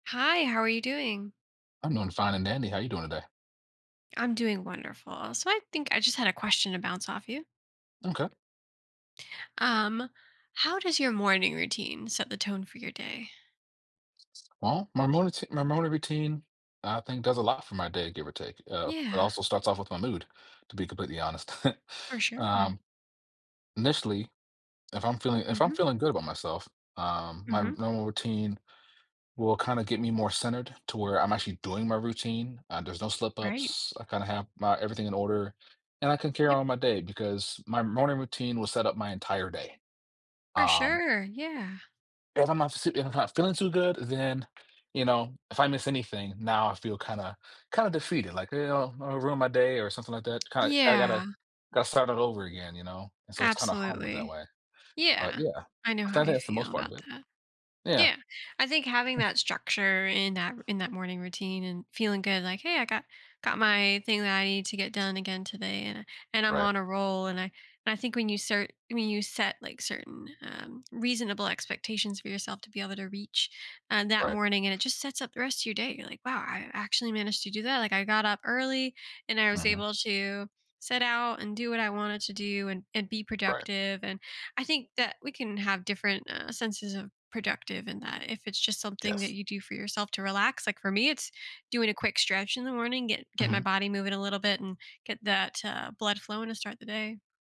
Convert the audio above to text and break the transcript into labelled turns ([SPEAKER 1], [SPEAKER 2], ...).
[SPEAKER 1] Hi, how are you doing?
[SPEAKER 2] I'm doing fine and dandy. How you doing today?
[SPEAKER 1] I'm doing wonderful so, I think I, just, had a question to bounce off you.
[SPEAKER 2] Okay.
[SPEAKER 1] Um, how does your morning routine set the tone for your day?
[SPEAKER 2] Well, my motor t my morning routine, I think, does a lot for my day, give or take. Uh, it
[SPEAKER 1] Yeah.
[SPEAKER 2] also starts off with my mood, to be completely honest.
[SPEAKER 1] For sure.
[SPEAKER 2] Um, initially, if I'm feeling if I'm
[SPEAKER 1] Mhm.
[SPEAKER 2] feeling good about myself, um, r my
[SPEAKER 1] Mhm.
[SPEAKER 2] normal routine will, kinda, get me more centered to where I'm actually doing my routine. Uh, there's no slip
[SPEAKER 1] Right.
[SPEAKER 2] ups. I, kinda, have my everything in order, and I can carry
[SPEAKER 1] Yep.
[SPEAKER 2] on my day because my morning routine will set up my entire day.
[SPEAKER 1] For
[SPEAKER 2] Um
[SPEAKER 1] sure, yeah.
[SPEAKER 2] if I'm not s if I'm not feeling too good, then, you know, if I miss anything, now I feel, kinda kinda, defeated, like, you know, I'll ruin my day or something like that k kinda, gotta,
[SPEAKER 1] Yeah.
[SPEAKER 2] gotta start all over again, you know, and so, it's, kinda, hard with that
[SPEAKER 1] Absolutely.
[SPEAKER 2] way, but
[SPEAKER 1] Yeah.
[SPEAKER 2] yeah,
[SPEAKER 1] I know
[SPEAKER 2] I
[SPEAKER 1] how
[SPEAKER 2] think
[SPEAKER 1] you
[SPEAKER 2] that's the most
[SPEAKER 1] feel
[SPEAKER 2] part of
[SPEAKER 1] about
[SPEAKER 2] it.
[SPEAKER 1] that.
[SPEAKER 2] Yeah.
[SPEAKER 1] Yeah. I think having that structure in that in that morning routine and feeling good like, "Hey, I got got my thing that I need to get done again today, and and I'm
[SPEAKER 2] Right.
[SPEAKER 1] on a roll." and I and I think when you start when you set, like, certain, um, reasonable expectations for yourself to be able to reach, uh, that
[SPEAKER 2] Right.
[SPEAKER 1] morning and it, just, sets up the rest of your day, you're like, "Wow, I actually managed to do that." like, I got up early and I was
[SPEAKER 2] Uh-huh.
[SPEAKER 1] able to sit out and do what I wanted to do and, and be
[SPEAKER 2] Right.
[SPEAKER 1] productive and I think that we can have different, uh, senses of productive in that if it's, just, something that
[SPEAKER 2] Yes.
[SPEAKER 1] you do for yourself to relax, like, for me, it's doing a quick stretch in the morning, get get my
[SPEAKER 2] Mhm.
[SPEAKER 1] body moving a little bit and get that, uh, blood flowing to start the day.